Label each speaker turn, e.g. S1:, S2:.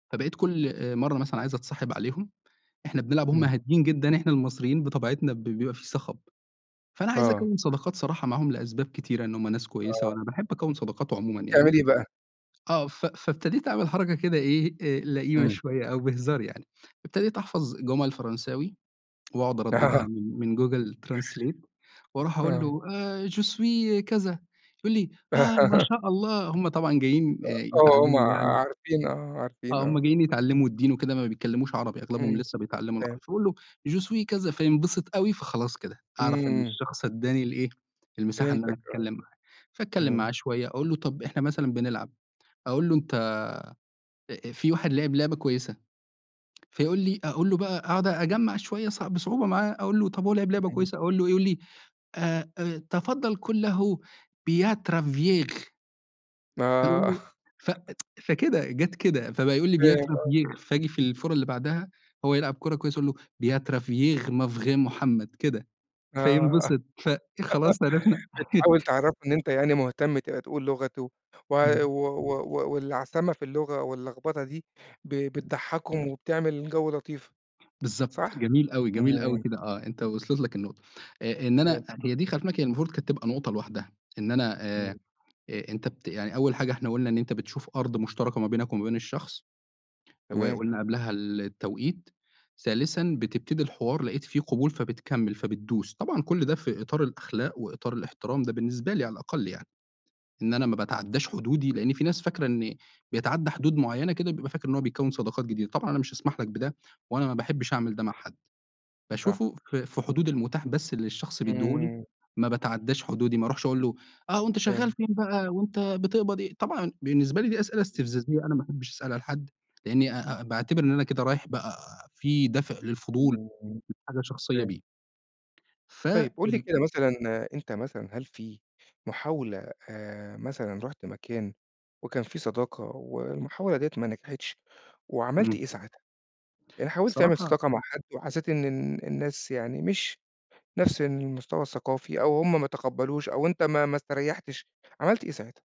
S1: فبقيت كلّ آآ مرّة مثلًا عايز أتصاحب عليهم، إحنا بنلعب وهُم
S2: إمم.
S1: هاديين جدًا، إحنا المصريين بطبيعتنا ب بيبقى في صخَب، فأنا عايز
S2: آه.
S1: أكوّن صداقات صراحة معاهم لأسباب كتيرة، إن هُم ناس كويسة،
S2: آه.
S1: وأنا باحب أكوّن صداقات عمومًا
S2: بتعمل
S1: يعني.
S2: إيه بقى؟
S1: آه، ف فابتديت أعمل حركة كده إيه، آآ لئيمة
S2: إمم.
S1: شوية أو بهزار يعني، ابتديت أحفَظ جُمل فرنساوي وأقعُد أردّدها
S2: آه
S1: من من Google translate وأرُوح أقول
S2: آه.
S1: له آآ Je suis كذا، يقول لي: "آه، ما شاء الله." هُم طبعًا جايين آآ
S2: آه، هُم ع
S1: يتعلّموا يعني
S2: عارفين، آه، عارفين،
S1: آه، هُم
S2: آه.
S1: جايين يتعلّموا الدِّين وكده ما بيتكلّموش عربي، أغلبهم
S2: إمم،
S1: لسه بيتعلّموا العر
S2: فهمتك.
S1: فباقول له Je suis كذا، فينبسط أوي فخلاص كده أعرَف إن
S2: إمم.
S1: الشخص ادّاني الإيه، المساحة إن أنا
S2: فهمتك آه.
S1: أتكلّم معاه، فأتكلّم معاه
S2: إمم.
S1: شوية أقول له، طَب إحنا مثلًا بنلعب، أقول له، أنت آآ في واحد لعِب لعبة كويسة، فيقول لي أقول له بقى، أقعُد أجمّع شوية صع بصعوبة معاه، أقول له طَب هو لعِب لعبة
S2: إمم.
S1: كويسة، أقول له، يقول لي آآ آآ، "تفضّل قُل له Beau travail" فأنا
S2: آه.
S1: أقوله، ف فكده جَت كده فبقى يقول لي:
S2: فاهم،
S1: "Beau
S2: أيوه.
S1: travail" فآجي في الفورة اللي بَعدها هو يلعب كُرة كويسة أقول له: "Beau travail mon frère محمد." كده
S2: آه،
S1: فينبسط، فخلاص عرِفنا.
S2: بتحاول تعرّفه إن أنت يعني مهتم ت تقول لغته و و
S1: [unintelligible]
S2: و و واللّعثمة في اللغة واللخبطة دي ب بتضحّكهم وبتعمل جو لطيف.
S1: بالضبط،
S2: صح؟
S1: جميل أوي، جميل أوي
S2: إمم.
S1: كده، آه أنت وصَلِت لك النقطة آآ، إن أنا،
S2: فهمتك آه.
S1: هي دي خلّي في بالك المفروض كانت تبقى نقطة لوحدها، إن أنا
S2: إمم.
S1: آآ، أ أنت بت يعني أول حاجة إحنا قُلنا إن أنت بتشوف أرض مشترَكة ما بينك ومابين الشخص
S2: تمام.
S1: وقُلنا قبْلها التوقيت، ثالثا بتبتدي الحوار، لقيت فيه قبول فبتكمّل، فبتدوس، طبعًا كل ده في إطار الأخلاق وإطار الإحترام ده بالنسبة لي على الأقل يعني، إن أنا ما باتعدّاش حدودي لأن في ناس فاكرة إن بيتعدّى حدود معينة كده بيبقى فاكر إن هو بيكوّن صداقات جديدة، طبعًا أنا مش هاسمَح لك بده وأنا ما بحبّش أعمل ده مع حد،
S2: صح.
S1: باشوفه في في حدود المُتاح بس اللي الشخص بيدّيه لي
S2: إمم.
S1: ما باتعدّاش حدودي، ما أروحش أقول له، آه وأنت شغّال
S2: فهِمت.
S1: فين بقى وأنت بتقبض إيه، طبعًا بالنسبة لي دي أسئلة استفزازية أنا ما أحبّش أسألها لحد لأني أ أ باعتِبر إن أنا كده رايح بقى في دافع للفضول
S2: إمم
S1: لحاجة شخصية
S2: فاهم.
S1: بيه. ف
S2: طيب قُل لي
S1: ال
S2: كده مثلًا، أنت مثلًا هل في محاولة آآ، مثلًا رُحت مكان وكان في صداقة والمحاولة دِيّة ما نجحِتش، وعملت إيه
S1: إمم.
S2: ساعتها؟ يعني حاولت تعمل
S1: صراحة
S2: صداقة مع حد وحسّيت إن إن إن الناس يعني مش نفس المستوى الثقافي أو هُم ما تقبّلوش أو أنت ما ما استريّحتش، عملت إيه ساعتها؟